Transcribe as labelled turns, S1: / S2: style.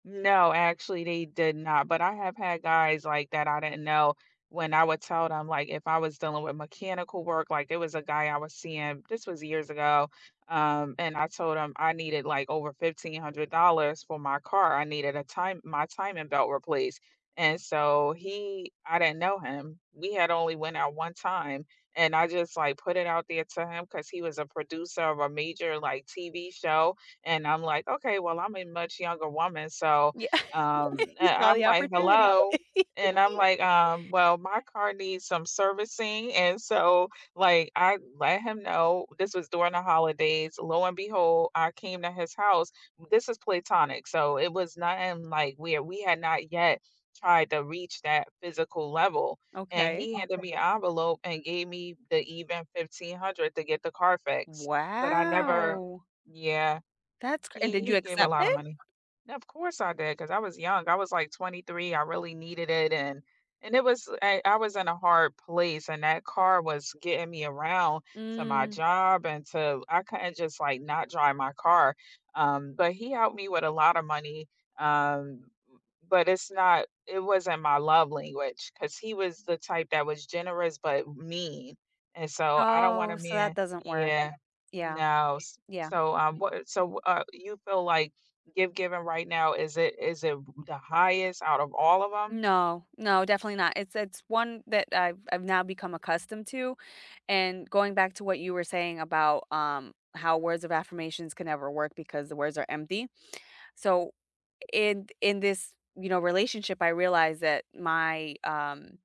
S1: No, actually, they did not, but I have had guys, like, that I didn't know when I would tell them like, if I was dealing with mechanical work, like there was a guy I was seeing, this was years ago, um, and I told him I needed like over $1500 for my car, I needed a time my timing belt replaced, and so he I didn't know him. We had only went out 1 time, and I just like put it out there to him 'cause he was a producer of a major, like, TV show and I'm like, okay, well I'm a much younger woman, so,
S2: Yeah,
S1: um
S2: you
S1: and
S2: saw
S1: I'm
S2: the
S1: like,
S2: opportunity.
S1: "Hello," and I'm like, um, "Well, my car needs some servicing, and so, like, I let him know, this was during the holidays, lo and behold, I came to his house this is platonic, so it was not in like, we we had not yet tried to reach that physical level and
S2: Okay.
S1: he handed me an envelope, and gave me the even 1500 to get the car fixed. But I never
S2: Wow.
S1: yeah,
S2: That's cr and
S1: he
S2: did
S1: he
S2: you
S1: gave a
S2: accept
S1: lotta
S2: it?
S1: money. Of course, I did cause I was young, I was like 23. I really needed it and and it was I I was in a hard place, and that car was getting me around to my
S2: Mm.
S1: job, and to I couldn't just like, not drive my car, um, but he helped me with a lotta money, um but it's not it wasn't my love language 'cause he was the type that was generous but mean, and so, I don't
S2: Oh,
S1: wanna
S2: so that
S1: man
S2: doesn't work,
S1: yeah,
S2: yeah
S1: no, s
S2: yeah.
S1: so, um, what so, w uh, you feel like give given right now, is it is it the highest out of all of 'em?
S2: No no, definitely not, it's it's one that I've I've now become accustomed to, and going back to what you were saying about, um, how "Words of affirmations can never work because the words are empty," so, in in this, you know, relationship, I realized that my um